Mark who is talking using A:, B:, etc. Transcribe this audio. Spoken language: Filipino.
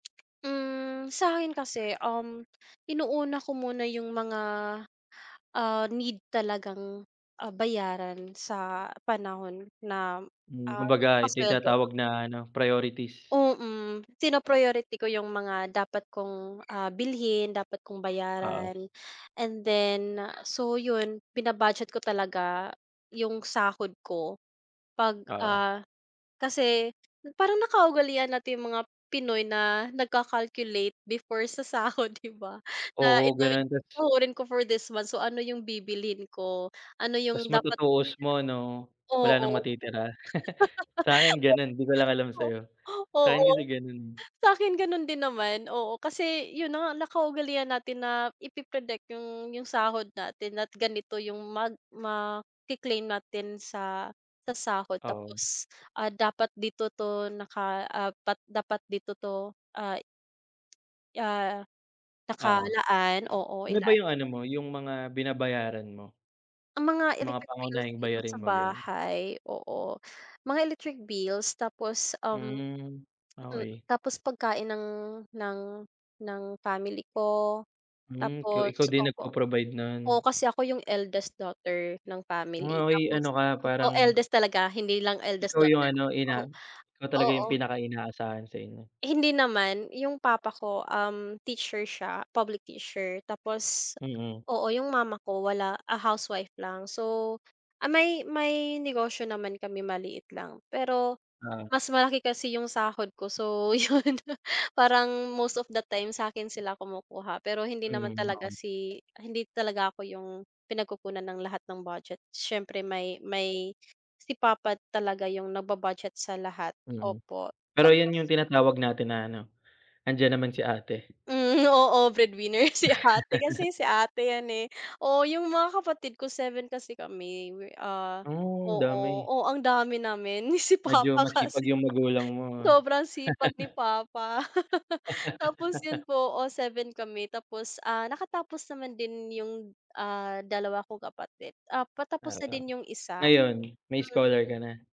A: Hmm. Sa'kin kasi, um, inuuna ko muna 'yung mga, ah, need talagang, ah, bayaran sa panahon na,
B: Hmm.
A: ah,
B: Kumbaga, ito 'yong
A: nagpasuweldo.
B: tinatawag na ano, priorities.
A: Mm, pina-priority ko 'yung mga dapat kong, ah, bilhin, dapat kong
B: Oo.
A: bayaran. And then, so 'yon, bina-budget ko talaga 'yung sahod ko. 'Pag
B: Oo.
A: ah, kasi parang nakaugalian nating mga Pinoy na nagka-calculate before sa sahod, 'di ba? Na
B: Oo,
A: ito 'yong
B: gano'n, tas
A: sasahurin ko for this month, so ano 'yung bibilhin ko? Ano
B: Tas
A: 'yung dapat
B: matutuos mo ano,
A: [unintelligible]
B: wala nang
A: Oo.
B: matitira. Sa akin gano'n, 'di ko lang alam sa'yo. Sa akin
A: Oo,
B: kasi, gano'n, eh.
A: sa akin ganon din naman. Oo, kasi 'yun 'no, nakaugalian natin na ipi-predict 'yung 'yung sahod natin at ganito 'yung mag maki-claim natin sa sa sahod.
B: Oo.
A: Tapos, ah, dapat dito 'to naka ah, dapat dapat dito 'to, ah ah,
B: Oo.
A: nakalaan. Oo,
B: Ano ba
A: ilaan
B: 'yung ano mo, 'yung mga binabayaran mo?
A: Ang mga
B: Mga
A: electric bills
B: pangunahing
A: dito
B: bayarin
A: sa
B: mo, gano'n?
A: bahay. Oo, mga electric bills. Tapos, um,
B: Hmm,
A: mm,
B: okey.
A: tapos pagkain ng ng ng family ko.
B: Hmm, ko
A: Tapos
B: ikaw din
A: opo,
B: nagpo-provide no'n?
A: oo, kasi ako yung eldest daughter ng family.
B: Oh, ay,
A: Tapos,
B: ano ka
A: oo,
B: parang
A: eldest talaga, hindi lang eldest
B: Ikaw 'yung
A: daughter.
B: ano,
A: Oo,
B: ina, ikaw talaga 'yung
A: oo.
B: pinaka-inaasahan sa inyo.
A: Hindi naman. 'Yung papa ko, um, teacher siya, public teacher. Tapos,
B: Mm.
A: oo, 'yung mama ko, wala ah, housewife lang. So ah, may may negosyo naman kami, maliit lang, pero
B: Ah.
A: mas malaki kasi yung sahod ko. So, 'yun, parang most of the time, sa akin sila kumukuha. Pero hindi naman
B: Mm.
A: talaga
B: [unintelligible]
A: si hindi talaga ako 'yung pinagkukunan ng lahat ng budget. Siyempre, may may si papa talaga 'yung nagba-budget sa lahat,
B: Mm,
A: opo.
B: pero 'yun
A: Tapos
B: 'yung tinatawag natin na, ano, "Nandiyan naman si ate."
A: Hmm, oo, breadwinner si ate, kasi si ate 'yan, eh. Oo, 'yung mga kapatid ko, 7 kasi kami. We ah,
B: Oh, ang
A: oo,
B: dami.
A: oh, ang dami namin. Si
B: Medyo
A: papa
B: masipag
A: kasi,
B: yung magulang mo, ah.
A: sobrang sipag ni papa. Tapos 'yun po, oo, 7 kami. Tapos, ah, nakatapos naman din 'yung ah, dalawa kong kapatid, ah, patapos na
B: Oo.
A: din 'yung isa,
B: Ngayon may
A: mm.
B: scholar ka na?